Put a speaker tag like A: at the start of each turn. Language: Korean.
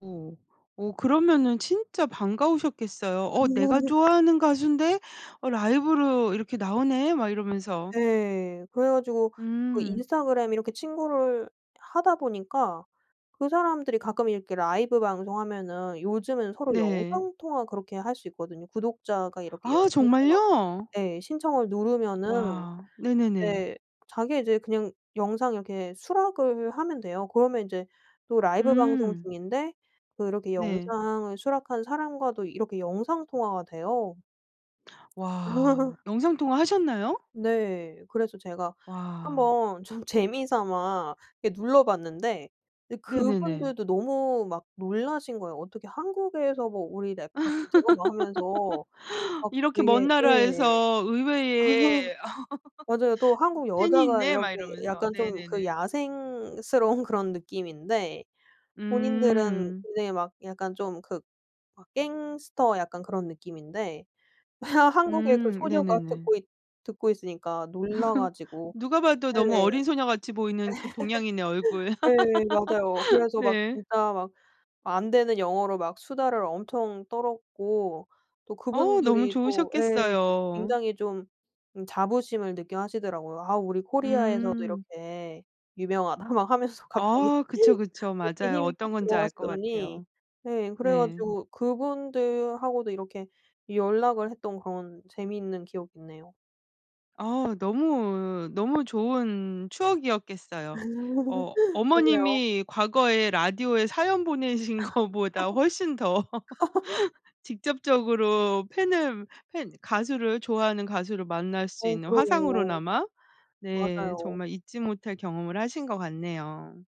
A: 어. 어 그러면은 진짜 반가우셨겠어요. 어 내가 좋아하는 가수인데 어 라이브로 이렇게 나오네 막 이러면서.
B: 네. 그래 가지고 그
A: 음.
B: 인스타그램 이렇게 친구를 하다 보니까 그 사람들이 가끔 이렇게 라이브 방송하면은 요즘은 서로
A: 네.
B: 영상 통화 그렇게 할 수 있거든요. 구독자가 이렇게
A: 아
B: 영상
A: 정말요?
B: 통화 예. 신청을 누르면은
A: 와. 네네네.
B: 네. 자기 이제 그냥 영상 이렇게 수락을 하면 돼요. 그러면 인제 또 라이브 방송
A: 음.
B: 중인데 그렇게
A: 네.
B: 영상을 수락한 사람과도 이렇게 영상 통화가 돼요.
A: 와. 영상통화 하셨나요?
B: 네. 그래서 제가
A: 와.
B: 한번 좀 재미 삼아 이렇게 눌러봤는데 이
A: 네네네.
B: 그분들도 너무 막 놀라신 거예요. 어떻게 한국에서 뭐 우리 랩 팝을 들어 막 하면서 막
A: 이렇게
B: 되게
A: 먼
B: 예.
A: 나라에서 의외의
B: 맞아요. 또 한국
A: 팬이
B: 여자가
A: 있네
B: 이렇게
A: 막 이러면서.
B: 약간 좀 그
A: 네네네.
B: 야생스러운 그런 느낌인데 본인들은
A: 음.
B: 굉장히 막 약간 좀 그 막 갱스터 약간 그런 느낌인데 한국에 그
A: 음.
B: 소녀가
A: 네네네.
B: 듣고 있 듣고 있으니까 놀라 가지고
A: 누가
B: 네.
A: 봐도 너무 어린 소녀같이 보이는 그 동양인의 얼굴.
B: 네. 맞아요. 그래서 막
A: 네.
B: 진짜 막 안 되는 영어로 막 수다를 엄청 떨었고 또
A: 어우 너무
B: 그분들이 또 예
A: 좋으셨겠어요.
B: 굉장히 좀 자부심을 느껴 하시더라고요. 아 우리 코리아에서도
A: 음.
B: 이렇게 유명하다 막 하면서 갑자기
A: 아 그쵸, 그쵸.
B: 어깨
A: 맞아요.
B: 힘이 팍
A: 어떤 건지 알 것
B: 들어가시더니
A: 같아요.
B: 네. 그래
A: 네.
B: 가지고 그분들하고도 이렇게 연락을 했던 그런 재미있는 기억이 있네요.
A: 어. 너무 너무 좋은 추억이었겠어요. 어
B: 그러게요.
A: 어머님이 과거에 라디오에 사연 보내신 거보다 훨씬 더 직접적으로 팬을 팬 가수를 좋아하는 가수를 만날 수
B: 어
A: 있는
B: 그러게요.
A: 화상으로나마 네
B: 맞아요.
A: 정말 잊지 못할 경험을 하신 것 같네요.